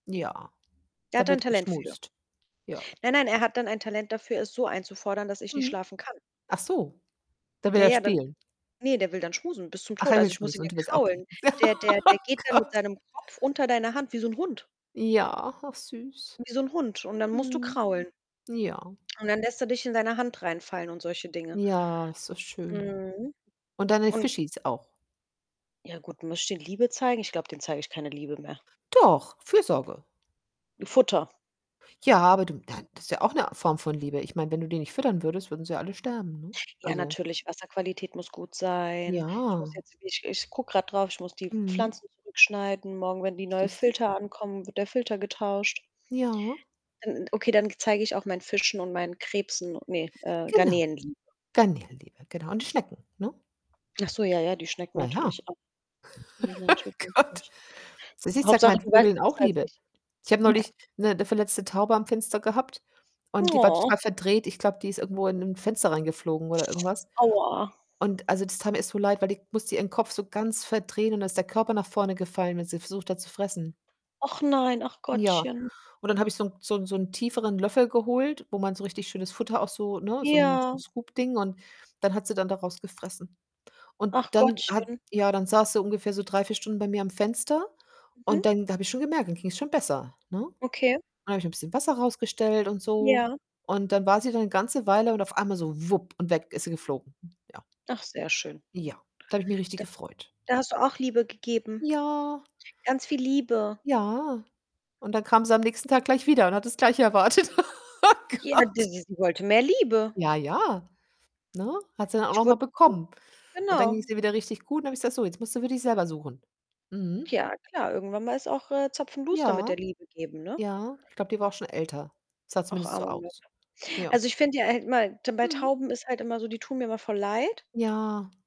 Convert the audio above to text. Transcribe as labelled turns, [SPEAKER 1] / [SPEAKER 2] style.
[SPEAKER 1] Ja,
[SPEAKER 2] Der
[SPEAKER 1] da
[SPEAKER 2] hat da 'n
[SPEAKER 1] wird
[SPEAKER 2] Talent für.
[SPEAKER 1] geschmust, ja.
[SPEAKER 2] Nein, nein, er hat dann ein Talent dafür es so einzufordern, dass ich nicht
[SPEAKER 1] Mhm.
[SPEAKER 2] schlafen kann.
[SPEAKER 1] Ach so, da will
[SPEAKER 2] Ja,
[SPEAKER 1] er
[SPEAKER 2] ja, dann
[SPEAKER 1] spielen.
[SPEAKER 2] ne, der will dann schmusen bis zum
[SPEAKER 1] Ach,
[SPEAKER 2] Tod.
[SPEAKER 1] er
[SPEAKER 2] Also,
[SPEAKER 1] will
[SPEAKER 2] ich muss ihn
[SPEAKER 1] schmusen
[SPEAKER 2] ja
[SPEAKER 1] und du willst au okay.
[SPEAKER 2] kraulen. Der der der
[SPEAKER 1] Ah
[SPEAKER 2] geht dann mit
[SPEAKER 1] Gott.
[SPEAKER 2] seinem Kopf unter deiner Hand wie so 'n Hund.
[SPEAKER 1] Ja, och süß.
[SPEAKER 2] Wie so 'n Hund und dann musst du
[SPEAKER 1] Mhm,
[SPEAKER 2] kraulen.
[SPEAKER 1] ja.
[SPEAKER 2] Und dann lässt er dich in seiner Hand reinfallen und solche Dinge.
[SPEAKER 1] Ja, ist so schön.
[SPEAKER 2] Mhm,
[SPEAKER 1] Und deine
[SPEAKER 2] und
[SPEAKER 1] Fischies auch.
[SPEAKER 2] Ja gut, möchte Liebe zeigen? Ich glaube, dem zeige ich keine Liebe mehr.
[SPEAKER 1] Doch, Fürsorge.
[SPEAKER 2] 'N Futter.
[SPEAKER 1] Ja, aber du, dann das ist ja auch 'ne Form von Liebe. Ich meine, wenn du die nicht füttern würdest, würden sie alle sterben, ne?
[SPEAKER 2] Ja,
[SPEAKER 1] Also
[SPEAKER 2] natürlich, Wasserqualität muss gut sein, ich muss
[SPEAKER 1] Ja.
[SPEAKER 2] jetzt ich ich gucke grade drauf, ich muss die
[SPEAKER 1] Mhm.
[SPEAKER 2] Pflanzen zurückschneiden morgen, wenn die neue
[SPEAKER 1] Siehst du?
[SPEAKER 2] Filter ankommen, wird der Filter getauscht.
[SPEAKER 1] Ja.
[SPEAKER 2] Dann okay, dann zeige ich auch meinen Fischen und meinen Krebsen u ne äh,
[SPEAKER 1] Genau,
[SPEAKER 2] Garnelen, Liebe.
[SPEAKER 1] Garnelenliebe, genau und die Schnecken, ne?
[SPEAKER 2] Ach so, ja, ja, die Schnecken
[SPEAKER 1] Na ja.
[SPEAKER 2] natürlich auch. Ne,
[SPEAKER 1] Ach
[SPEAKER 2] natürlich
[SPEAKER 1] Gott.
[SPEAKER 2] nicht.
[SPEAKER 1] Du siehst, ich zeige
[SPEAKER 2] [unintelligible] Hauptsache,
[SPEAKER 1] mein
[SPEAKER 2] du weißt
[SPEAKER 1] Vögeln
[SPEAKER 2] es
[SPEAKER 1] auch
[SPEAKER 2] besser als
[SPEAKER 1] Liebe.
[SPEAKER 2] ich.
[SPEAKER 1] Ich habe neulich 'ne verletzte Taube am Fenster gehabt und die war
[SPEAKER 2] Oh.
[SPEAKER 1] total verdreht, ich glaube, die ist irgendwo in 'n Fenster reingeflogen oder irgendwas,
[SPEAKER 2] Aua.
[SPEAKER 1] und also, das tat mir so leid, weil die musste ihren Kopf so ganz verdrehen und dann ist der Körper nach vorne gefallen, wenn sie versucht hat zu fressen.
[SPEAKER 2] Ach nein, ach
[SPEAKER 1] Ja,
[SPEAKER 2] Gottchen.
[SPEAKER 1] und dann habe ich so 'n so 'n so 'n tieferen Löffel geholt, wo man so richtig schönes Futter auch so ne, so 'n so 'n
[SPEAKER 2] Ja.
[SPEAKER 1] Scoop Ding und dann hat sie dann daraus gefressen. Und
[SPEAKER 2] Ach,
[SPEAKER 1] dann hat
[SPEAKER 2] Gottchen.
[SPEAKER 1] ja, dann saß sie ungefähr so 3, 4 Stunden bei mir am Fenster und
[SPEAKER 2] Mhm.
[SPEAKER 1] dann da habe ich schon gemerkt, dann ging's schon besser, ne?
[SPEAKER 2] Okay.
[SPEAKER 1] Dann habe ich 'n bisschen Wasser rausgestellt und so,
[SPEAKER 2] Ja.
[SPEAKER 1] und dann war sie dann 'ne ganze Weile und auf einmal so wupp und weg ist sie geflogen, ja.
[SPEAKER 2] Ach, sehr schön.
[SPEAKER 1] Ja, da habe ich mich richtig
[SPEAKER 2] D
[SPEAKER 1] gefreut.
[SPEAKER 2] da, hast du auch Liebe gegeben.
[SPEAKER 1] Ja.
[SPEAKER 2] Ganz viel Liebe.
[SPEAKER 1] Ja, und dann kam sie am nächsten Tag gleich wieder und hat des gleiche erwartet. Oh
[SPEAKER 2] Ja,
[SPEAKER 1] Gott.
[SPEAKER 2] das ist sie wollte mehr Liebe.
[SPEAKER 1] Ja, ja, ne? Hat sie dann auch
[SPEAKER 2] Ich
[SPEAKER 1] noch mal
[SPEAKER 2] wurd [unintelligible]
[SPEAKER 1] bekommen, und dann
[SPEAKER 2] genau.
[SPEAKER 1] ging's ihr wieder richtig gut und dann habe ich gesagt: „So, jetzt musst du für dich selber suchen.“ Mhm.
[SPEAKER 2] Tja, klar, irgendwann mal ist auch, äh, Zapfenduster mit der
[SPEAKER 1] Ja,
[SPEAKER 2] Liebe geben, ne?
[SPEAKER 1] ja, ich glaube, die war auch schon älter, sah
[SPEAKER 2] Auch
[SPEAKER 1] zumindest so
[SPEAKER 2] armer Möp.
[SPEAKER 1] aus. Ja.
[SPEAKER 2] Also, ich finde ja, er hätte mal denn bei
[SPEAKER 1] Mhm.
[SPEAKER 2] Tauben ist halt immer so, die tun mir immer voll leid.
[SPEAKER 1] Ja.